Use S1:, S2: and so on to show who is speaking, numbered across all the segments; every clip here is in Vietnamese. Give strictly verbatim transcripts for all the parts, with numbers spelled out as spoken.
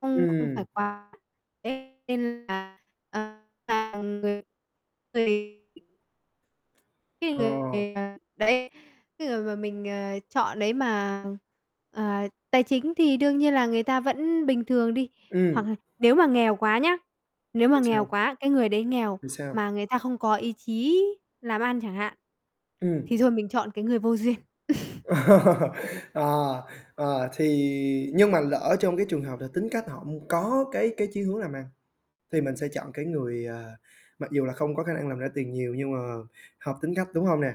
S1: Không không phải
S2: Ừm
S1: quá thế nên là, ờ, càng người thì cái
S2: Ồ.
S1: người, à, đấy, cái người mà mình, ờ, chọn đấy mà, ờ, tài chính thì đương nhiên là người ta vẫn bình thường đi, hoặc
S2: Ừm.
S1: là nếu mà nghèo quá nhá, nếu mà
S2: Thì
S1: nghèo
S2: sao?
S1: quá, cái người đấy nghèo,
S2: Thì sao?
S1: mà người ta không có ý chí làm ăn chẳng hạn, thì
S2: Ừm.
S1: thôi mình chọn cái người vô duyên.
S2: Ờ, ờ, thì nhưng mà lỡ trong cái trường hợp là tính cách họ m có cái cái chí hướng làm ăn, thì mình sẽ chọn cái người, ờ, mặc dù là không có khả năng làm ra tiền nhiều nhưng mà hợp tính cách, đúng hông nè?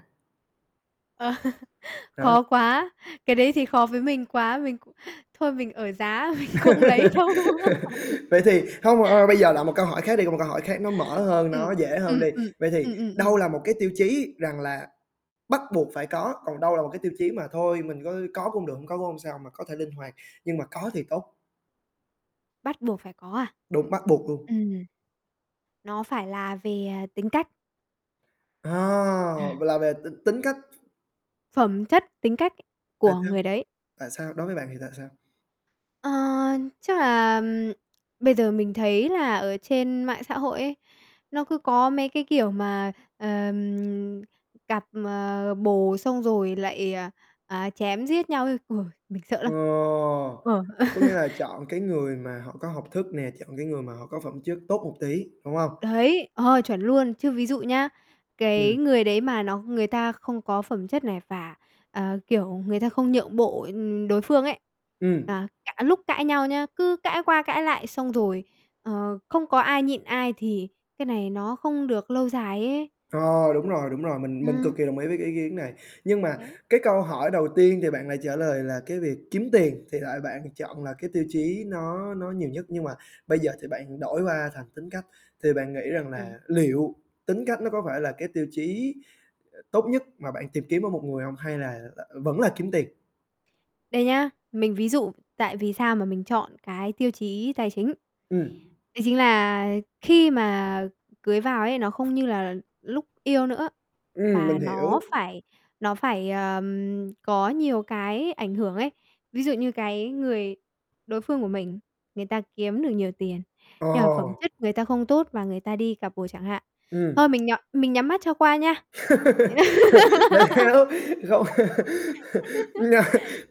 S1: Ờ,
S2: Rồi.
S1: khó quá, cái đấy thì khó với mình quá, mình cũng thôi mình ở giá, mình không lấy đâu.
S2: Vậy thì hông bạn ơi, bây giờ là một câu hỏi khác đi, còn một câu hỏi khác nó mở hơn,
S1: Ừm,
S2: nó dễ
S1: ừm,
S2: hơn đi.
S1: ừm.
S2: Vậy thì
S1: Ừm, ừm,
S2: đâu
S1: ừm.
S2: là một cái tiêu chí rằng là bắt buộc phải có, còn đâu là một cái tiêu chí mà thôi mình có có cũng được, hông có cũng hông sao, mà có thể linh hoạt, nhưng mà có thì tốt?
S1: Bắt buộc phải có à?
S2: Đúng, bắt buộc luôn.
S1: Ừm. Nó phải là về, à, tính cách.
S2: À,
S1: Ừm.
S2: là về t tính cách.
S1: Phẩm chất, tính cách
S2: Tại
S1: của
S2: sao?
S1: người đấy.
S2: Tại sao? Đối với bạn thì tại sao?
S1: Ờ, chắc là, ừm, bây giờ mình thấy là ở trên mạng xã hội ấy, nó cứ có mấy cái, kiểu, mà, ờm, cặp, ờ, bồ xong rồi lại, à, à, chém giết nhau ấy, uầy, mình sợ
S2: Ờ,
S1: lắm! Ờ.
S2: có nghĩa là chọn cái người mà họ có học thức nè, chọn cái người mà họ có phẩm chất tốt một tí, đúng hông?
S1: Đấy, ờ, chuẩn luôn. Chứ ví dụ nhá, cái
S2: Ừm.
S1: người đấy mà nó người ta không có phẩm chất này và, ờ, kiểu, người ta không nhượng bộ, ừm, đối phương ấy,
S2: Ừm.
S1: à, cả lúc cãi nhau nhá, cứ cãi qua cãi lại xong rồi, ờ, không có ai nhịn ai thì cái này nó không được lâu dài ấy.
S2: Ờ, đúng rồi, đúng rồi, mình mình cực
S1: Ừm.
S2: kỳ đồng ý với cái ý kiến này. Nhưng mà
S1: Đấy.
S2: cái câu hỏi đầu tiên thì bạn lại trả lời là cái việc kiếm tiền thì lại bạn chọn là cái tiêu chí nó nó nhiều nhất, nhưng mà bây giờ thì bạn đổi qua thành tính cách. Thì bạn nghĩ rằng
S1: Ừm.
S2: là liệu tính cách nó có phải là cái tiêu chí, ờ, tốt nhất mà bạn tìm kiếm ở một người hông hay là, ờ, vẫn là kiếm tiền?
S1: Đây nhá, mình ví dụ tại vì sao mà mình chọn cái tiêu chí tài chính.
S2: Ừm.
S1: Đấy chính là khi mà cưới vào ấy, nó không như là lúc yêu nữa,
S2: Ừm, mình
S1: và
S2: hiểu.
S1: nó phải nó phải, ờm, có nhiều cái ảnh hưởng ấy. Ví dụ như cái người đối phương của mình, người ta kiếm được nhiều tiền,
S2: Ờ.
S1: nhưng mà phẩm chất người ta không tốt và người ta đi cặp bồ chẳng hạn,
S2: Ừm.
S1: thôi mình nh mình nhắm mắt cho qua nha. Ý là
S2: Tại sao? Không. Nè,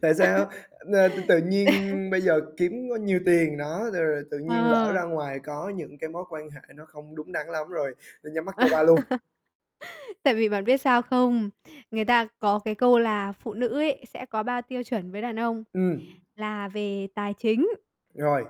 S2: tại sao? A, t tự nhiên bây giờ kiếm có nhiều tiền đó, rồi rồi tự nhiên lỡ
S1: Ờ.
S2: ra ngoài có những cái mối quan hệ nó không đúng đắn lắm rồi, nên nhắm mắt cho qua luôn?
S1: Tại vì bạn biết sao không? Người ta có cái câu là phụ nữ ấy, sẽ có ba tiêu chuẩn với đàn ông
S2: Ừm.
S1: là về tài chính.
S2: Rồi.